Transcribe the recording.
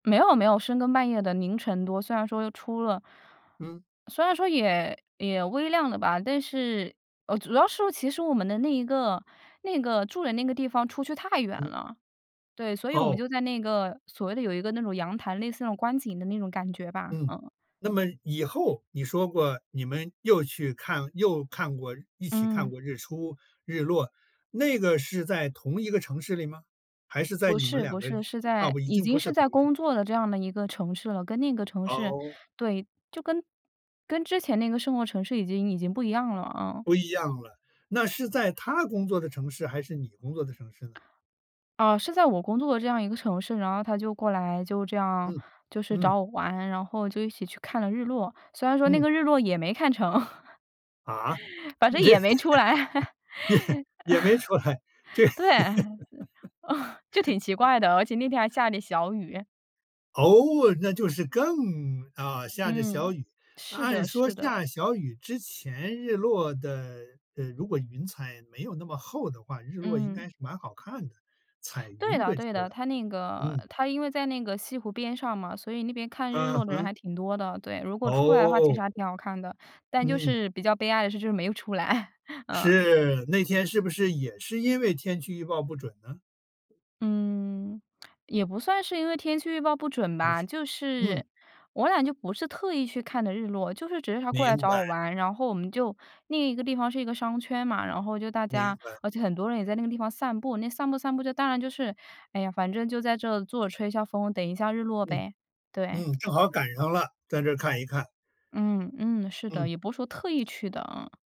没有没有深更半夜的凌晨多，虽然说出了嗯。虽然说也也微量的吧，但是主要是其实我们的那一个那个住的那个地方出去太远嗯。了，对，所以我们哦。就在那个所谓的有一个那种阳台类似那种观景的那种感觉吧。嗯。嗯。那么以后你说过你们又去看又看过一起看嗯。过日出日落，那个是在同一个城市里吗？还是在不你们是不2个是，是啊，在已已经经不是是同在一城工市。作的这样的一个城市了跟另一个城市哦。对，就跟跟之前那个生活城市已经已经不一样了，嗯。不一样了，那是在他工作的城市还是你工作的城市呢？啊，是在我工作的这样一个城市，然后他就过来就这样嗯。就是嗯。找我玩，然后就一起去看了日落，虽然说那嗯。个日落也没看成，啊。反正这，也没出来。也没出来，这。对。就挺奇 怪的，而且那天还下着小雨。哦，那就是更啊，下着小嗯，雨，是按的说是的。下小雨之前日落的，呃，如果云彩没有那么厚的话，日落应嗯。该是蛮好看的，彩对云的会出对来，的，它那个嗯。它因为在那个西湖边上嘛，所以那边看日嗯落的人哼。还挺多的，对，如果出来的话其实哦。还挺好看的，但就嗯。是比较悲哀的是就是没有出来，嗯。是，那天是不是也是因为天气预报不准呢？嗯，也不算是因为天气预报不准吧，是。就嗯。是我俩就不是特意去看的日落，就是只是他过来明找我白。玩，然后我们就另一个地方是一个商圈嘛，然后就大明家白。而且很多人也在那个地方散步，那散步散步当然就是哎呀，反正就在这儿坐着吹一下风，等一下日落嗯呗，对。嗯，正好赶上了，在这儿看一看。嗯嗯，是的，嗯。也不是说特意去的，嗯。